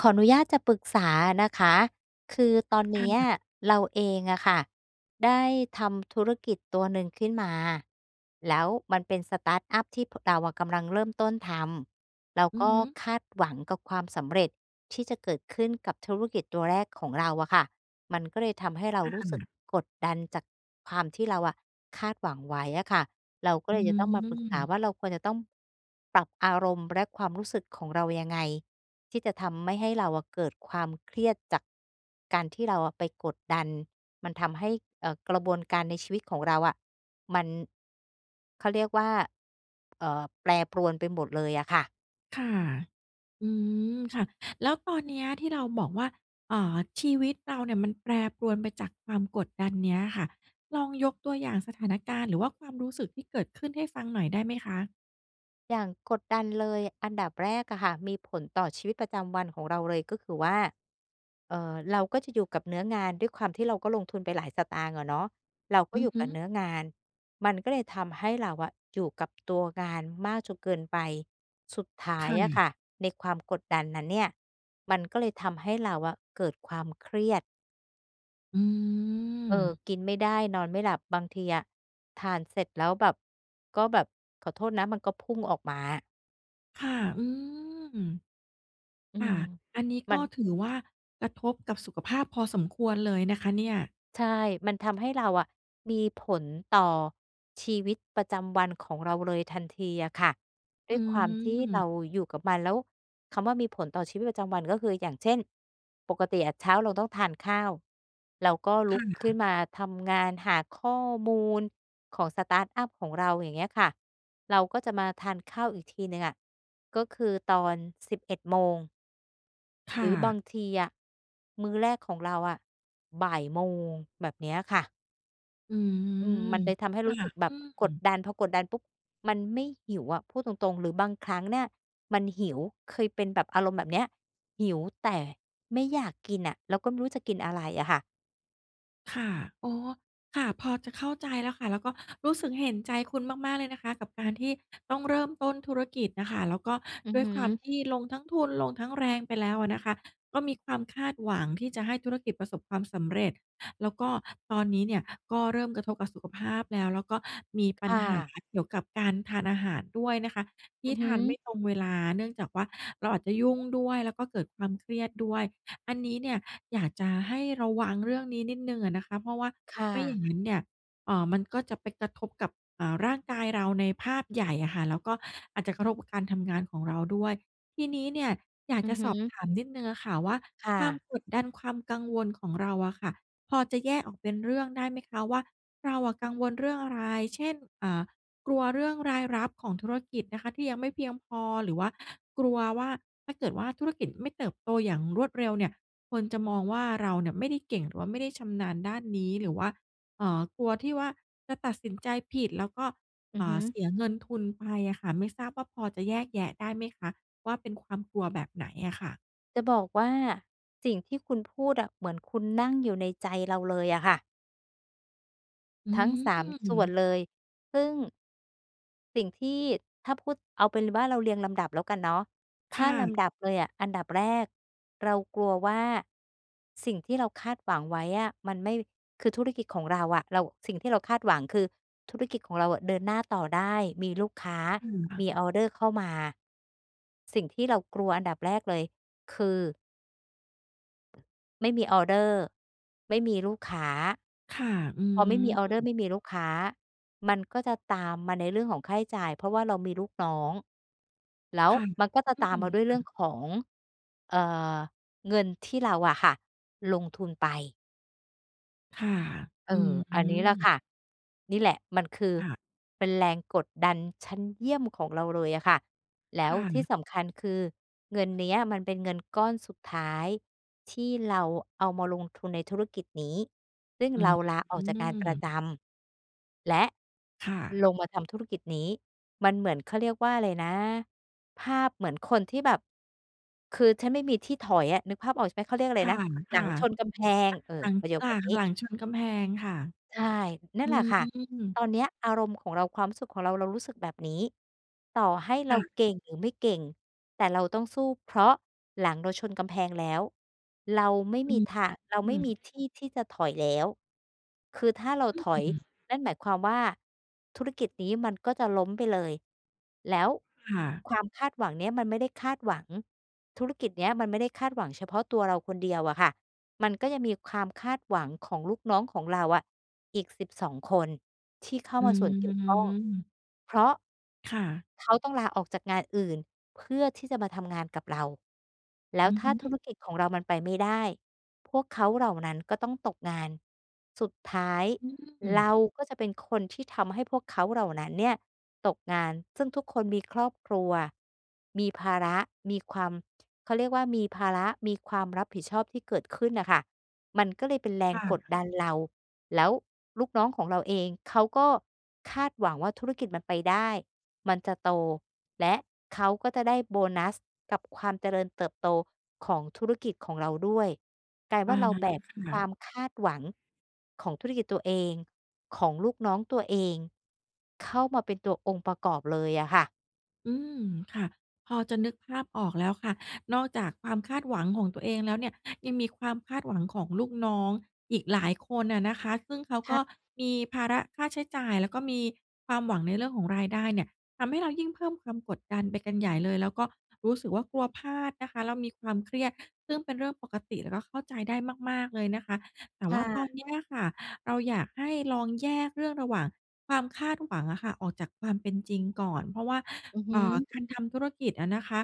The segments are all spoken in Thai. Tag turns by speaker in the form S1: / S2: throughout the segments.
S1: ขออนุญาตจะปรึกษานะคะ คือตอนเน
S2: ค่
S1: ี้ย
S2: ะ
S1: เราเองอะค่ะ ได้ทำธุรกิจตัวหนึ่งขึ้นมา แล้วมันเป็นสตาร์ตอัปที่ พ เราอะกำลังเริ่มต้นทำ เรา
S2: อื
S1: ก
S2: อ
S1: ็
S2: ฮึ
S1: คาดหวังกับความสำเร็จที่จะเกิดขึ้นกับธุรกิจตัวแรกของเราอะค่ะ มันก็เลยทำให้เรารู
S2: ค
S1: ้สึก
S2: ่ะ
S1: กดดันจากความที่เราอะคาดหวังไว้อะค่ะ เราก็
S2: อ
S1: เ
S2: ื
S1: ล
S2: อ
S1: ยจะต้องมาปรึกษา
S2: ฮึ
S1: ว่า เราควรจะต้อง ปรับอารมณ์และความรู้สึกของเรายังไง? ที่จะทำไม่ให้เราอะเกิดความเครียดจาก การที่เราอะไปกดดัน มันทำให้ เอ่อ กระบวนการในชีวิตของเราอะ มัน เขาเรียกว่า เอ่อ แปรปรวนไปหมดเลยอะค่ะ
S2: ค่ะ อืม ค่ะ แล้วตอนเนี้ยที่เราบอกว่า อ่า ชีวิตเราเนี่ยมันแปรปรวนไปจากความกดดันเนี้ยค่ะ ลองยกตัวอย่างสถานการณ์ หรือว่าความรู้สึกที่เกิดขึ้นให้ฟังหน่อยได้ไหมคะ?
S1: อย่างกดดันเลย อันดับแรกอะค่ะ มีผลต่อชีวิตประจำวันของเราเลย ก็คือว่า เอ่อ เราก็จะอยู่กับเนื้องาน ด้วยความที่เราก็ลงทุนไปหลายสตางค์อะเนาะ เราก็
S2: อื
S1: อย
S2: อ
S1: ู่
S2: ฮ
S1: ก
S2: ึ
S1: ับเนื้องาน มันก็เลยทำให้เราอะอยู่กับตัวงานมากจนเกินไป สุดท้า
S2: ค
S1: ย
S2: ่
S1: อะค
S2: ะ
S1: ่ะในความกดดันนั้นเนี่ย มันก็เลยทำให้เราอะเกิดความเครียด
S2: อื
S1: เออ
S2: ม
S1: กินไม่ได้ นอนไม่หลับ บางทีอะ ทานเสร็จแล้วแบบ ก็แบบขอโทษนะ มันก็พุ่งออกมาอะ
S2: ค่ะ อืม
S1: อื
S2: ค่
S1: ม
S2: ะ อันนี้
S1: ม
S2: ก
S1: ั
S2: ็
S1: น
S2: ถือว่า กระทบกับสุขภาพพอสมควรเลยนะคะเนี่ย
S1: ใช่ มันทำให้เราอะ มีผลต่อชีวิตประจำวันของเราเลยทันทีอะค่ะ ด
S2: อ
S1: ้วยความที่เรา
S2: ืม
S1: อยู่กับมัน แล้วคำว่ามีผลต่อชีวิตประจำวัน ก็คือ อย่างเช่น ปกติอะเช้าเราต้องทานข้าว เราก็ล
S2: ค
S1: ุ
S2: ่
S1: กขึ้
S2: ะ
S1: นมาทำงานหาข้อมูลของ สตาร์ตอัป ของเรา อย่างเงี้ยค่ะ เราก็จะมาทานข้าวอีกทีหนึ่งอะ ก็คือตอน 11 โมง
S2: ค
S1: หร
S2: ่
S1: ือบา
S2: ะ
S1: งทีอะมื้อแรกของเราอะ บ่ายโมง แบบเนี้ยค่ะ
S2: อื
S1: อืม
S2: ม
S1: มันเลยทำให้
S2: ค
S1: รู
S2: ่ะ
S1: ้สึกแบ
S2: อ
S1: บ
S2: ื
S1: กด
S2: ม
S1: ดัน พอกดดันปุ๊บ มันไม่หิวอะ พูดตรง ๆ หรือบางครั้งเนี่ยมันหิว เคยเป็นแบบอารมณ์แบบเนี้ย หิวแต่ไม่อยากกินน่ะ แล้วก็ไม่รู้จะกินอะไรอะค่ะ
S2: ค่ะ อ๋อ ค่ะ พอจะเข้าใจแล้วค่ะ แล้วก็รู้สึกเห็นใจคุณมาก ๆ เลยนะคะ กับการที่ต้องเริ่มต้นธุรกิจน่ะค่ะ แล้วก็
S1: อือ
S2: ด้ว
S1: ฮ
S2: ยความ
S1: ึ
S2: ที่ลงทั้งทุน ลงทั้งแรงไปแล้วอะนะคะ ก็มีความคาดหวังที่จะให้ธุรกิจประสบความสำเร็จ แล้วก็ตอนนี้เนี่ยก็เริ่มกระทบกับสุขภาพแล้ว แล้วก็มีป
S1: ค
S2: ัญ
S1: ่
S2: หา
S1: ะ
S2: เกี่ยวกับการทานอาหารด้วยนะคะ ท
S1: อ
S2: ี่
S1: ือฮ
S2: ทานไม
S1: ึ
S2: ่ตรงเวลา เนื่องจากว่า เราอาจจะยุ่งด้วย แล้วก็เกิดความเครียดด้วย อันนี้เนี่ยอยากจะให้ระวังเรื่องนี้นิดหนึ่งอะนะคะ เพราะว่า
S1: ค่
S2: ไม่อย่
S1: ะ
S2: างนั้นเนี่ย เอ่อ มันก็จะไปกระทบกับ อ่า ร่างกายเราในภาพใหญ่อะค่ะ แล้วก็อาจจะกระทบกับการทำงานของเราด้วย ทีนี้เนี่ย อยาก
S1: อื
S2: จ
S1: อ
S2: ะ
S1: ฮ
S2: สอบ
S1: ึ
S2: ถามนิดหนึ่งอะค่ะว่า
S1: ค่
S2: ความ
S1: ะ
S2: กดดัน ความกังวลของเราอะค่ะ พอจะแยกออกเป็นเรื่องได้ไหมคะว่า เราอะกังวลเรื่องอะไร? เช่น เอ่อ กลัวเรื่องรายรับของธุรกิจนะคะ ที่ยังไม่เพียงพอ หรือว่ากลัวว่า ถ้าเกิดว่าธุรกิจไม่เติบโตอย่างรวดเร็วเนี่ย คนจะมองว่าเราเนี่ยไม่ได้เก่ง หรือว่าไม่ได้ชำนาญด้านนี้ หรือว่า เอ่อ กลัวที่ว่าจะตัดสินใจผิด แล้วก็
S1: อื
S2: เอ
S1: อ
S2: ่
S1: ฮึ
S2: อ เสียเงินทุนไปอะค่ะ ไม่ทราบว่าพอจะแยกแยะได้ไหมคะว่า เป็นความกลัวแบบไหนอะค่ะ?
S1: จะบอกว่าสิ่งที่คุณพูดอะ เหมือน คุณนั่งอยู่ในใจเราเลยอะค่ะ
S2: อื
S1: ทั้ง 3 ส่วน
S2: ม
S1: เลย ซึ่ง สิ่งที่ ถ้าพูดเอาเป็นว่า เราเรียงลำดับแล้วกันเนาะ
S2: ค
S1: ถ้า
S2: ่
S1: ลำด
S2: ะ
S1: ับเลยอะ อันดับแรกเรากลัวว่า สิ่งที่เราคาดหวังไว้อะ มันไม่ คือธุรกิจของเราอะ เรา สิ่งที่เราคาดหวังคือธุรกิจของเราอะเดินหน้าต่อได้ มีลูกค้า
S2: [unintelligible] อ
S1: ม
S2: ะ
S1: ีออเดอร์เข้ามา สิ่งที่เรากลัวอันดับแรกเลยคือ ไม่มีออเดอร์ ไม่มีลูกค้า
S2: ค่ะ อื
S1: พอไม่มีออร์เดอร์
S2: ม
S1: ไม่มีลูกค้า มันก็จะตามมาในเรื่องของค่าใช้จ่าย เพราะว่าเรามีลูกน้อง แล้ว
S2: ค่ะ
S1: มันก็จะ
S2: อื
S1: ตามม
S2: ม
S1: าด้วยเ
S2: ค
S1: รื
S2: ่
S1: ่อ
S2: ะ
S1: งของ เอ่อ เงินที่เราอะค่ะ ลงทุนไป
S2: ค่ะ
S1: เออ
S2: อื
S1: อันนี้แหละ
S2: ม
S1: ค่ะ นี่แหละมันคือ
S2: ค่ะ
S1: เป็นแรงกดดันชั้นเยี่ยมของเราเลยอะค่ะ แล้
S2: ค
S1: ว
S2: ่
S1: ที่
S2: ะ
S1: สำคัญคือเงินเนี้ยมันเป็นเงินก้อนสุดท้าย ที่เราเอามาลงทุนในธุรกิจนี้ ซึ่ง
S2: อื
S1: เร
S2: ม
S1: าลาออกจากการประจำและ
S2: ค่ะ
S1: ลงมาทำธุรกิจนี้ มันเหมือน เขาเรียกว่าอะไรนะ ภาพเหมือนคนที่แบบ คือฉันไม่มีที่ถอยอะ นึกภาพออกใช่ไหม? เขาเรียกอะไ
S2: ค
S1: รนะ หลั
S2: ่ะ
S1: งชนกำแพง เออ
S2: ๆ อา หลัง
S1: ประโยค
S2: จา
S1: แบบ
S2: ก
S1: นี
S2: หล
S1: ้
S2: ังชนกำแพงค่ะ
S1: ใช่ นั่
S2: อ
S1: น
S2: ื
S1: แหละค่ะ ตอ
S2: ม
S1: นเนี้ยอารมณ์ของเรา ความรู้สึกของเรา เรารู้สึกแบบนี้ ต่อให้เ
S2: ค
S1: รา
S2: ่ะ
S1: เก่งหรือไม่เก่ง แต่เราต้องสู้ เพราะหลังเราชนกำแพงแล้ว เราไม่
S2: อ
S1: ม
S2: ื
S1: ี
S2: ม
S1: ทาง เรา
S2: อื
S1: ไม่
S2: ม
S1: มีที่ที่จะถอยแล้ว คือถ้าเราถอ
S2: อ
S1: ย
S2: ือ
S1: นั่นหมายความว่า ธุรกิจนี้มันก็จะล้มไปเลย แล้ว
S2: ค่ะ
S1: ความคาดหวังเนี้ยมันไม่ได้คาดหวัง ธุรกิจเนี้ยมันไม่ได้คาดหวังเฉพาะตัวเราคนเดียวอะค่ะ มันก็ยังมีคามคาดหวังของลูกน้องของเราอะ อีก 12 คนที่เข้า
S2: อื
S1: มาส่วนเกี่ยวข้อ
S2: ม
S1: เพราะ
S2: ค่ะ
S1: เขาต้องลาออกจากงานอื่น เพื่อที่จะมาทำงานกับเรา แล้ว
S2: อือ
S1: ถ้
S2: ฮ
S1: าธุ
S2: ึ
S1: รกิจของเรามันไปไม่ได้ พวกเขาเหล่านั้นก็ต้องตกงาน สุดท้าย
S2: อื
S1: เ
S2: ม
S1: ราก็จะเป็นคนที่ทำให้พวกเขาเหล่านั้นเนี่ยตกงาน ซึ่งทุกคนมีครอบครัว มีภาระ มีความ เขาเรียกว่า มีภาระ มีความรับผิดชอบที่เกิดขึ้นน่ะค่ะ มันก็เลยเป็นแรง
S2: ค่
S1: กด
S2: ะ
S1: ดันเรา แล้วลูกน้องของเราเอง เขาก็คาดหวังว่าธุรกิจมันไปได้ มันจะโตและเขาก็จะได้โบนัสกับความเจริญเติบโตของธุรกิจของเราด้วย กลาย
S2: อ
S1: ว่
S2: า
S1: าเราแบก
S2: ค่
S1: คว
S2: ะ
S1: ามคาดหวังของธุรกิจตัวเอง ของลูกน้องตัวเอง เข้ามาเป็นตัวองค์ประกอบเลยอะค่ะ
S2: อืม ค่ะ พอจะนึกภาพออกแล้วค่ะ นอกจากความคาดหวังของตัวเองแล้วเนี่ย ยังมีความคาดหวังของลูกน้องอีกหลายคนอะนะคะ ซึ่งเขา
S1: ค
S2: ก
S1: ่
S2: ็
S1: ะ
S2: มีภาระค่าใช้จ่าย แล้วก็มีความหวังในเรื่องของรายได้เนี่ย ทำให้เรายิ่งเพิ่มความกดดันไปกันใหญ่เลย แล้วก็รู้สึกว่า กลัวพลาดนะคะ แล้วมีความเครียด ซึ่งเป็นเรื่องปกติ แล้วก็เข้าใจได้มาก ๆ เลยนะคะ แต่
S1: ค
S2: ว
S1: ่
S2: ่าตอน
S1: ะ
S2: เนี้ยอะค่ะ เราอยากให้ลองแยกเรื่องระหว่างความคาดหวังอะค่ะ ออกจากความเป็นจริงก่อน เพราะว่า
S1: อือฮ
S2: อ่า
S1: ึ
S2: การทำธุรกิจอะนะคะ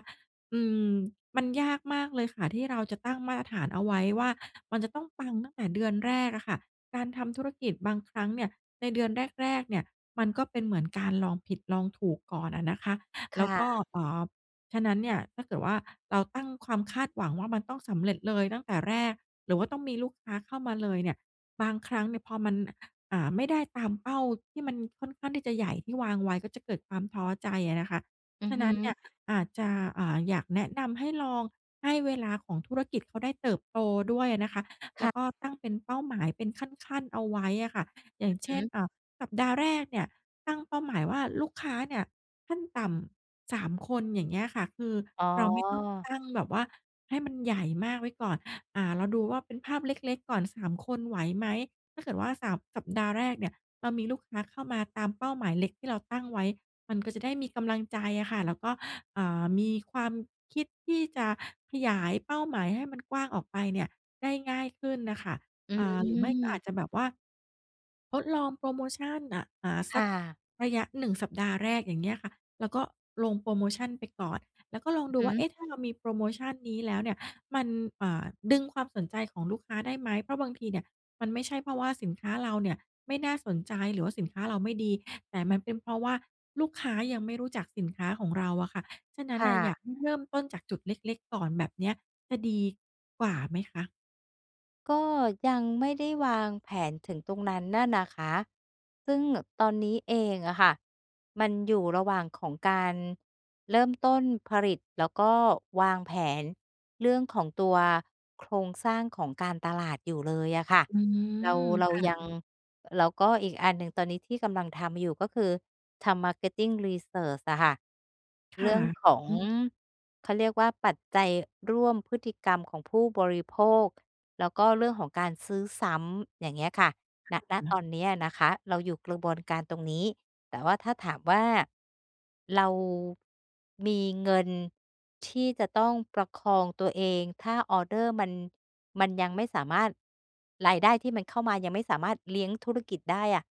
S2: อืม มันยากมากเลยค่ะที่เราจะตั้งมาตรฐานเอาไว้ว่า มันจะต้องปังตั้งแต่เดือนแรกอะค่ะ การทำธุรกิจบางครั้งเนี่ย ในเดือนแรก ๆ เนี่ย มันก็เป็นเหมือนการลองผิดลองถูกก่อนอะนะคะ
S1: ค
S2: แล
S1: ่
S2: ้วก็
S1: ะ
S2: เอ่อ ฉะนั้นเนี่ย ถ้าเกิดว่าเราตั้งความคาดหวังว่า มันต้องสำเร็จเลยตั้งแต่แรกหรือว่าต้องมีลูกค้าเข้ามาเลยเนี่ย บางครั้งเนี่ยพอมัน อ่า ไม่ได้ตามเป้าที่มันค่อนข้างที่จะใหญ่ที่วางไว้ ก็จะเกิดความท้อใจอะนะคะ
S1: อื
S2: ฉ
S1: อ
S2: ะ
S1: ฮ
S2: นั้นเน
S1: ึ
S2: ี่ย อาจจะ อ่า อยากแนะนำให้ลองให้เวลาของธุรกิจเขาได้เติบโตด้วยอะนะคะ
S1: ค
S2: แล้
S1: ่ะ
S2: วก็ตั้งเป็นเป้าหมายเป็นขั้น ๆ เอาไว้อะค่ะ อย่างเ
S1: อ
S2: ช
S1: ื
S2: ่
S1: อ
S2: น
S1: ฮึ
S2: อ่า สัปดาห์แรกเนี่ยตั้งเป้าหมายว่าลูกค้าเนี่ย ขั้นต่ำ 3 คน อย่างเงี้ยค่ะ คือ
S1: อ๋
S2: เราไม่ต้องต
S1: อ
S2: ั้งแบบว่าให้มันใหญ่มากไว้ก่อน อ่า เราดูว่าเป็นภาพเล็ก ๆ ก่อน 3 คนไหวไหม? ถ้าเกิดว่า 3 สัปดาห์แรกเนี่ย เรามีลูกค้าเข้ามาตามเป้าหมายเล็กที่เราตั้งไว้ มันก็จะได้มีกำลังใจอะค่ะ แล้วก็ อ่า มีความคิดที่จะขยายเป้าหมายให้มันกว้างออกไปเนี่ยได้ง่ายขึ้นน่ะค่ะ
S1: อ
S2: อ่า หรือไม่ก็อา
S1: ืม
S2: จจะแบบว่า ทดลองโพรโมชันน่ะ อ่า
S1: ค
S2: สั
S1: ่
S2: ก
S1: ะ
S2: ระยะ 1 สัปดาห์แรก อย่างเงี้ยค่ะ แล้วก็ลงโพรโมชันไปก่อน แล้วก็ลองดู
S1: อื
S2: ว
S1: อ
S2: ่
S1: ฮ
S2: า เ
S1: ึ
S2: อ๊ะ ถ้าเรามีโพรโมชันนี้แล้วเนี่ย มัน อ่า ดึงความสนใจของลูกค้าได้ไหม? เพราะบางทีเนี่ย มันไม่ใช่เพราะว่าสินค้าเราเนี่ยไม่น่าสนใจหรือว่าสินค้าเราไม่ดี แต่มันเป็นเพราะว่าลูกค้ายังไม่รู้จักสินค้าของเราอะค่ะ ฉะนั้
S1: ค
S2: น
S1: ่
S2: น่ะ อยาก
S1: ะ
S2: ให้เริ่มต้นจากจุดเล็ก ๆ ก่อนแบบเนี้ยจะดีกว่าไหมคะ?
S1: ก็ยังไม่ได้วางแผนถึงตรงนั้นน่ะนะคะ ซึ่งแบบตอนนี้เองอะค่ะ มันอยู่ระหว่างของการเริ่มต้นผลิต แล้วก็วางแผนเรื่องของตัวโครงสร้างของการตลาดอยู่เลยอะค่ะ
S2: อื
S1: เรา
S2: ม
S1: เร
S2: ค
S1: า
S2: ่
S1: ยัง
S2: ะ
S1: แล้วก็อีกอันหนึ่งตอนนี้ที่กำลังทำอยู่ ก็คือทำ marketing research อะค่ะ
S2: ค
S1: เร
S2: ่ะ
S1: ื่องของ
S2: อืม
S1: เขาเรียกว่า ปัจจัยร่วมพฤติกรรมของผู้บริโภค แล้วก็เรื่องของการซื้อซ้ำ อย่างเงี้ยค่ะ ณ ณ
S2: อือ แล้
S1: ต
S2: ว
S1: อนนี้นะคะ เราอยู่กระบวนการตรงนี้ แต่ว่าถ้าถามว่า เรามีเงินที่จะต้องประคองตัวเอง ถ้าออเดอร์มัน มันยังไม่สามารถ รายได้ที่มันเข้ามายังไม่สามารถเลี้ยงธุรกิจได้อะ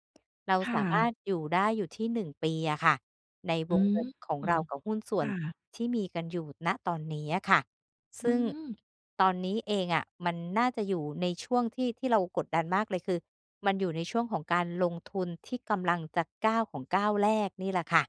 S1: เรา
S2: ค่
S1: สามา
S2: ะ
S1: รถอยู่ได้อยู่ที่ 1 ปีอะค่ะ ใน
S2: อ
S1: ว
S2: ื
S1: งเ
S2: ม
S1: งินของเรากับหุ้นส่
S2: ค
S1: วน
S2: ่ะ
S1: ที่มีกันอยู่ ณ ตอนนี้อะค่ะ ซ
S2: อื
S1: ึ่ง
S2: ม
S1: ตอนนี้เองอะ มันน่าจะอยู่ในช่วงที่ ที่เรากดดันมากเลย คือมันอยู่ในช่วงของการลงทุนที่กำลังจะก้าวของก้าวแรกนี่แหละค่ะ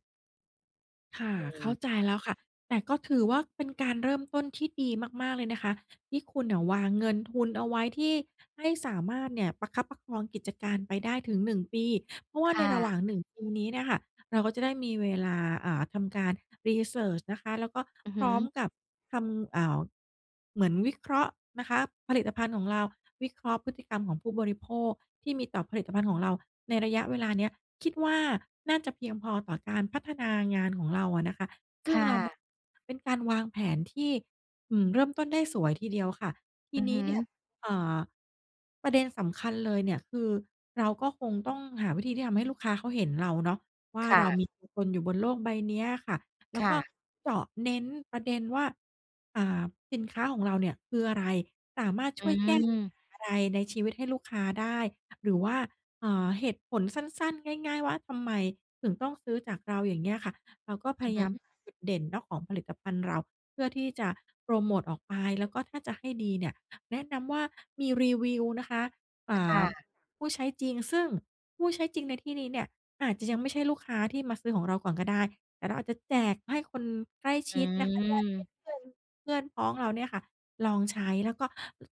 S2: ค่ะ
S1: อื
S2: เข้า
S1: ม
S2: ใจแล้วค่ะ แต่ก็ถือว่าเป็นการเริ่มต้นที่ดีมาก ๆ เลยนะคะ ที่คุณน่ะวางเงินทุนเอาไว้ที่ ให้สามารถเนี่ย ประคับประคองกิจการไปได้ถึง 1 ปี เพราะว่
S1: ค
S2: าใน
S1: ่
S2: ระหว
S1: ะ
S2: ่าง 1 ปีนี้เนี่ยค่ะ เราก็จะได้มีเวลา อ่า ทำการ รีเซิร์ช นะคะ แล้วก็
S1: อือ
S2: พ
S1: ฮ
S2: ร้อม
S1: ึ
S2: กับทำ อ่า เหมือนวิเคราะห์นะคะ ผลิตภัณฑ์ของเรา วิเคราะห์พฤติกรรมของผู้บริโภคที่มีต่อผลิตภัณฑ์ของเราในระยะเวลาเนี้ย คิดว่าน่าจะเพียงพอต่อการพัฒนางานของเราอะนะคะ ซ
S1: ค
S2: ึ่ง
S1: ่
S2: เรามอ
S1: ะ
S2: เป็นการวางแผนที่ อืม เริ่มต้นได้สวยทีเดียวค่ะ ท
S1: อ
S2: ี
S1: ือ
S2: น
S1: ฮ
S2: ี้
S1: ึ
S2: เนี่ย เอ่อ ประเด็นสำคัญเลยเนี่ย คือเราก็คงต้องหาวิธีที่ทำให้ลูกค้าเขาเห็นเราเนาะว่า
S1: ค่
S2: เรา
S1: ะ
S2: มีตัวตนอยู่บนโลกใบนี้อะค่ะ แล
S1: ค
S2: ้ว
S1: ่
S2: ก็
S1: ะ
S2: เจาะเน้นประเด็นว่า อ่า สินค้าของเราเนี่ยคืออะไร สามารถ
S1: อ
S2: ช่วยแก้ปัญห
S1: ืม
S2: าอะไรในชีวิตให้ลูกค้าได้ หรือว่า เอ่อ เหตุผลสั้น ๆ ง่าย ๆ ว่า ทำไมถึงต้องซื้อจากเรา? อย่างเงี้ยค่ะ เราก็พ
S1: อื
S2: ย
S1: อฮ
S2: ายาม
S1: ึ
S2: หาจุดเด่นเนาะของผลิตภัณฑ์เรา เพื่อที่จะโปรโมทออกไป แล้วก็ถ้าจะให้ดีเนี่ย แนะนำว่ามีรีวิวนะคะ อ่
S1: ค่
S2: า
S1: ะ
S2: ผู้ใช้จริง ซึ่งผู้ใช้จริงในที่นี้เนี่ย อาจจะยังไม่ใช่ลูกค้าที่มาซื้อของเราก่อนก็ได้ แต่เราอาจจะแจกให้คนใกล้
S1: อ
S2: ชิดนะคะ ญาติ
S1: ืม
S2: เพื่อน ๆ เพื่อนพ้องเราเนี่ยค่ะลองใช้ แล้วก็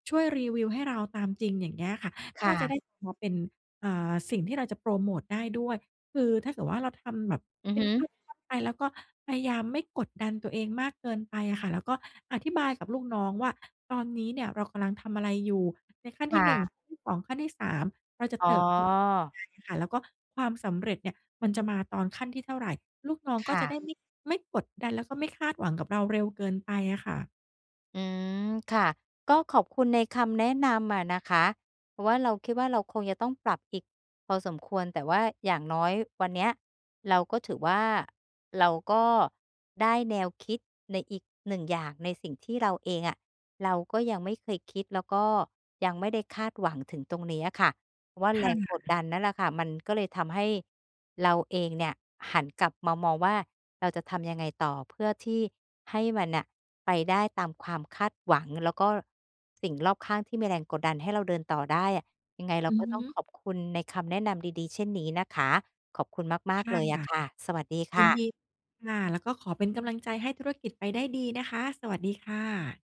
S2: ช่วยรีวิวให้เราตามจริง อย่างเงี้ยค่ะ
S1: ค
S2: ก
S1: ่
S2: ็จะไ
S1: ะ
S2: ด้พอเป็น เอ่อ สิ่งที่เราจะโพรโมตได้ด้วย คือถ้าเกิดว่าเราทำแบบ
S1: อือ
S2: เป็
S1: ฮ
S2: น
S1: ึ
S2: ขั้นตอนไป แล้วก็พยายามไม่กดดันตัวเองมากเกินไปอะค่ะ แล้วก็อธิบายกับลูกน้องว่า ตอนนี้เนี่ยเรากำลังทำอะไรอยู่ ในขั้น
S1: ค
S2: ท
S1: ่
S2: ี่ 1
S1: ะ
S2: ขั้นที่ 2 ขั้นที่ 3 เราจะ
S1: อ๋อ
S2: เติบโตไปยังไงอะค่ะ แล้วก็ความสำเร็จเนี่ยมันจะมาตอนขั้นที่เท่าไร ลูกน้อง
S1: ค
S2: ก็
S1: ่
S2: จะไ
S1: ะ
S2: ด้ไม่ ไม่กดดัน แล้วก็ไม่คาดหวังกับเราเร็วเกินไปอะค่ะ
S1: อืม ค่ะ ก็ขอบคุณในคำแนะนำอะนะคะ เพราะว่าเราคิดว่า เราคงจะต้องปรับอีกพอสมควร แต่ว่าอย่างน้อยวันเนี้ยเราก็ถือว่า เราก็ได้แนวคิดในอีก 1 อย่างในสิ่งที่เราเองอะ เราก็ยังไม่เคยคิด แล้วก็ยังไม่ได้คาดหวังถึงตรงนี้อะค่ะว่า
S2: ค
S1: แร
S2: ่
S1: งกด
S2: ะ
S1: ดันนั่นล่ะค่ะ มันก็เลยทำให้เราเองเนี่ย หันกลับมามองว่า เราจะทำยังไงต่อเพื่อที่ให้มันน่ะ ไปได้ตามความคาดหวัง แล้วก็สิ่งรอบข้างที่มีแรงกดดันให้เราเดินต่อได้อะ ยังไงเรา
S2: อื
S1: ก
S2: อ
S1: ็
S2: ฮ
S1: ต้อง
S2: ึ
S1: ขอบคุณในคำแนะนำดี ๆ เช่นนี้นะคะ ขอบคุณมา
S2: ค
S1: ก ๆ
S2: ่
S1: เ
S2: ะ
S1: ลยอะค่ะ สวัสดีค
S2: ยิ
S1: ่
S2: น
S1: ะ
S2: ดีค่ะ แล้วก็ขอเป็นกำลังใจให้ธุรกิจไปได้ดีนะคะ สวัสดีค่ะ